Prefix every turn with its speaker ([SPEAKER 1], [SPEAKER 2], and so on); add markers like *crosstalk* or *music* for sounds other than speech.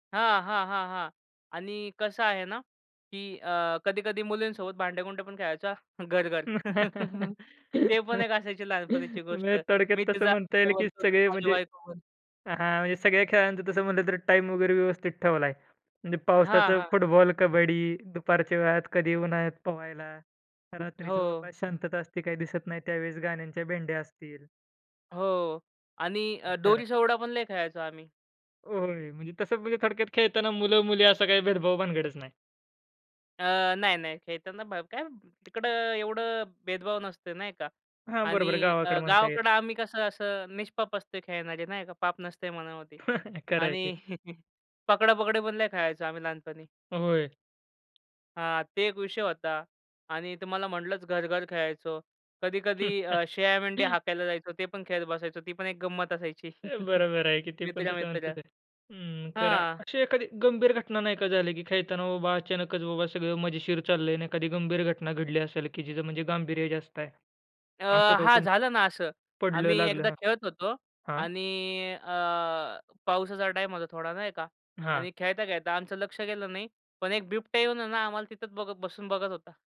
[SPEAKER 1] हां, हां, हां, हां आणि कसं आहे ना, की अ, कधी-कधी मुलींसोबत भांडे-कुंडे पण खेळायचा घर-घर.
[SPEAKER 2] *laughs*
[SPEAKER 1] *chuckles* ते पण एक असायची लहानपणीची गोष्ट.
[SPEAKER 2] म्हणजे थोडक्यात
[SPEAKER 1] मी
[SPEAKER 2] तसं
[SPEAKER 1] तुझा
[SPEAKER 2] म्हणता येईल
[SPEAKER 1] नवरा
[SPEAKER 2] की
[SPEAKER 1] बनतो, तू
[SPEAKER 2] सगळे
[SPEAKER 1] माझी
[SPEAKER 2] म्हणजे
[SPEAKER 1] बायको बन.
[SPEAKER 2] हां, म्हणजे सगळ्या खेळांचं तसं म्हटलं तर टाईम वगैरे व्यवस्थित ठेवलाय. म्हणजे
[SPEAKER 1] हां,
[SPEAKER 2] पावसाचं
[SPEAKER 1] हां.
[SPEAKER 2] फुटबॉल, कबड्डी, दुपारच्या वेळात कधी उन्हाळ्यात पोहायला, रात्रीचं बाबा
[SPEAKER 1] हो.
[SPEAKER 2] शांतता असते, काही दिसत नाही त्यावेळेस गाण्यांच्या भेंडया असतील.
[SPEAKER 1] हो आणि अ,
[SPEAKER 2] खरं आहे.
[SPEAKER 1] दोरीच्या उड्या पण लय खेळायचो आम्ही.
[SPEAKER 2] होय. म्हणजे तसं म्हणजे थोडक्यात खेळताना मुलं-मुली असं काही भेदभाव भानगडच नाही.
[SPEAKER 1] अ, नाही-नाही खेळताना ब काय तिकडं एवढं भेदभाव नसतंय नाही का?
[SPEAKER 2] हां, बरोबर
[SPEAKER 1] आणि अ,
[SPEAKER 2] गावाकडे म्हणता येईल.
[SPEAKER 1] गावाकडं आम्ही कसं असं निष्पाप असतोय खेळणारे, नाही का? पाप नसतंय मनामध्ये
[SPEAKER 2] *chuckles* खरं आहे की.
[SPEAKER 1] आणि *chuckles* पकडा-पकडी पण लय खेळायचो आम्ही लहानपणी.
[SPEAKER 2] होय.
[SPEAKER 1] हां, ते एक विषय होता आणि तुम्हाला म्हटलंच घर-घर खेळायचो. कधी-कधी अ, शेळ्या-मेंढे
[SPEAKER 2] *chuckles*
[SPEAKER 1] हाकायला जायचो, ते पण खेळत बसायचो. ती पण एक गंमत असायची.
[SPEAKER 2] अ,
[SPEAKER 1] *chuckles*
[SPEAKER 2] बरोबर आहे की. ते पण तसं
[SPEAKER 1] मित्र-मित्र.
[SPEAKER 2] म्हणतच आहे. हं, खरं
[SPEAKER 1] हां.
[SPEAKER 2] अशी एखादी गंभीर घटना नाही का झाली, की खेळताना बाबा अचानकच बाबा सगळं मजेशीर चाललंय आणि एखादी गंभीर घटना घडली असेल की जिचं म्हणजे गांभीर्य जास्त आहे
[SPEAKER 1] अ,
[SPEAKER 2] असं का
[SPEAKER 1] हां,
[SPEAKER 2] कोणी
[SPEAKER 1] झालं ना असं.
[SPEAKER 2] पडलं,
[SPEAKER 1] आम्ही
[SPEAKER 2] लागलं?
[SPEAKER 1] एकदा
[SPEAKER 2] हां,
[SPEAKER 1] खेळत होतो
[SPEAKER 2] हां.
[SPEAKER 1] आणि अ, पाऊसाचा टाईम होता थोडा नाही का?
[SPEAKER 2] हां.
[SPEAKER 1] आणि खेळता-खेळता आमचं लक्ष गेलं नाही. पण एक बिबट्या येवून आहे ना आम्हाला तिथेच बघत बसून बघत होता.